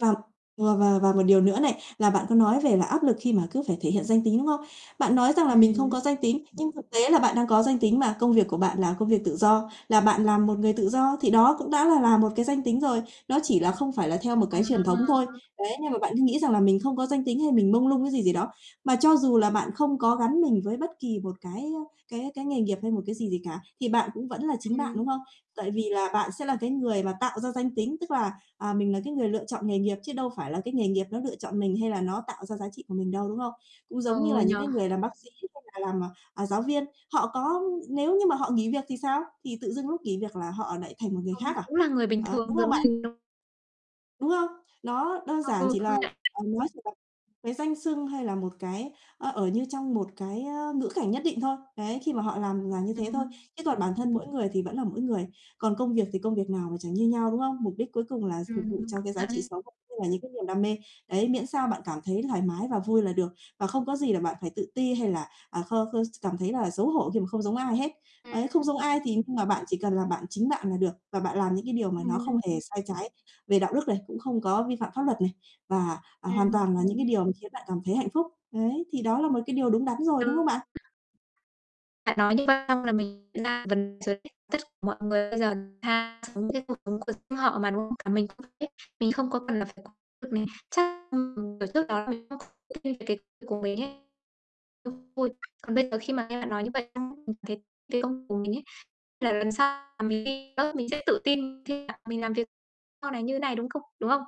Và và và và một điều nữa này, là bạn có nói về là áp lực khi mà cứ phải thể hiện danh tính, đúng không? Bạn nói rằng là Ừm mình không có hứm. danh tính, nhưng thực tế là bạn đang có danh tính mà, công việc của bạn là công việc tự do, là bạn làm một người tự do thì đó cũng đã là là một cái danh tính rồi. Nó chỉ là không phải là theo một cái truyền thống thôi, À! đấy, nhưng mà bạn cứ nghĩ rằng là mình không có danh tính hay mình mông lung cái gì gì đó. Mà cho dù là bạn không có gắn mình với bất kỳ một cái, ơ, cái cái nghề nghiệp hay một cái gì gì cả, thì bạn cũng vẫn là chính bạn, Ừm. đúng không? Tại vì là bạn sẽ là cái người mà tạo ra danh tính, tức là, à, mình là cái người lựa chọn nghề nghiệp chứ đâu phải là cái nghề nghiệp nó lựa chọn mình hay là nó tạo ra giá trị của mình đâu, đúng không? Cũng giống như Ừ, là nhỉ? những cái người làm bác sĩ hay là làm, à, à, giáo viên. Họ có nếu như mà họ nghỉ việc thì sao? Thì tự dưng lúc nghỉ việc là họ lại thành một người Ờ, khác à? cũng là người bình Đó, đúng thường không giống bạn? mình thôi. Đúng không? Nó đơn À, giản ừ, chỉ là công nhận. là nó chỉ là cái danh xưng hay là một cái, ơ, ở như trong một cái, ơ, ngữ cảnh nhất định thôi, đấy, khi mà họ làm là như thế thôi, Ừm. chứ còn bản thân mỗi người thì vẫn là mỗi người, còn công việc thì công việc nào mà chẳng như nhau, đúng không? Mục đích cuối cùng là s phục Ừm, vụ cho công cái giá nhận trị ấy. sống và cũng như là những cái niềm đam mê, đấy, miễn sao bạn cảm thấy thoải mái và vui là được, và không có gì là bạn phải tự ti hay là, à, kho khơ s cảm thấy là xấu hổ khi mà không giống ai hết. Đấy, không Ừm. giống ai thì nhưng mà bạn chỉ cần là bạn chính bạn là được và bạn làm những cái điều mà nó không Ừm. hề sai trái về đạo đức này, cũng không có vi phạm pháp luật này, và, à, hoàn toàn Ừm. là những cái điều mà khiến bạn cảm thấy hạnh phúc. Đấy, thì đó là một cái điều đúng đắn rồi, Ừ. đúng không bạn? [unintelligible] Bạn nói như vậy xong là mình nhận ra vấn rồi đấy, tất cả mọi người bây giờ thà sống cái cuộc sống của riêng họ mà, đúng không? Cả mình cũng vậy ấy, mình không có cần phải lo việc mình, chắc, ưm, ừm, kiểu, trước đó là mình không thích nghi cái của mình ấy, cũng vui. Còn bây giờ khi mà nghe bạn nói như vậy xong ấy, mình thấy cái công việc của mình ấy, là lần sau là mình ghi nhớ, mình sẽ tự tin khi cả mình làm việc sau này như này, đúng không? Đúng không?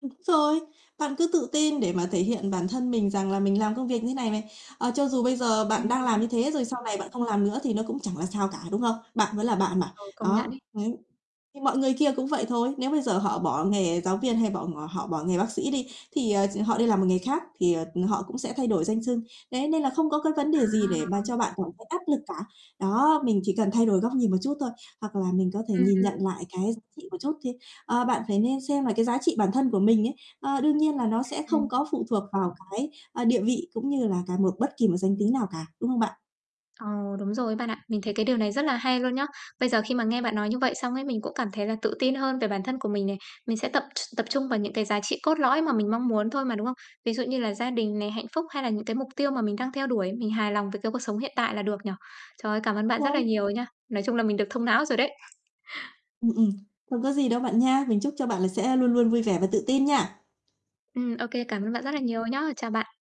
Đúng rồi. Bạn cứ tự tin để mà thể hiện bản thân mình rằng là mình làm công việc như này này, ờ, cho dù bây giờ bạn đang làm Ừm. như thế, rồi sau này bạn không làm nữa thì nó cũng chẳng là sao cả, đúng không? Bạn vẫn là bạn mà, Ừ, công nhận đó, ấy. đấy, thì mọi người kia cũng vậy thôi, nếu bây giờ họ bỏ nghề giáo viên hay bọ ngọ họ bỏ nghề bác sĩ đi thì, ờ, ch họ đi làm một nghề khác thì, ờ, ừm, họ cũng sẽ thay đổi danh xưng, đấy, nên là không có cái vấn đề gì để mà À. cho bạn cảm thấy áp lực cả. Đó, mình chỉ cần thay đổi góc nhìn một chút thôi, hoặc là mình có thể Ừm, nhìn nhận ừm. lại cái giá trị một chút thê ơ, bạn phải nên xem là cái giá trị bản thân của mình ấy, ờ, đương nhiên là nó Ừm, sẽ không ừm. có phụ thuộc vào cái, ơ, địa vị cũng như là cả một bất kỳ một danh tính nào cả, đúng không bạn? Ồ, đúng rồi ấy bạn ạ, mình thấy cái điều này rất là hay luôn nhá. Bây giờ khi mà nghe bạn nói như vậy xong ấy, mình cũng cảm thấy là tự tin hơn về bản thân của mình này, mình sẽ tập tr tập trung vào những cái giá trị cốt lõi mà mình mong muốn thôi mà, đúng không? Ví dụ như là gia đình này, hạnh phúc hay là những cái mục tiêu mà mình đang theo đuổi, mình hài lòng về cái cuộc sống hiện tại là được nhỉ? Trời ơi, cảm ơn bạn rất là Rồi. nhiều nha, nói chung là mình được thông não rồi đấy. Ừm, ừm, không có gì đâu bạn nha. Mình chúc cho bạn là sẽ luôn luôn vui vẻ và tự tin nha. Ừm, OK, cảm ơn bạn rất là nhiều nhá. Chào bạn.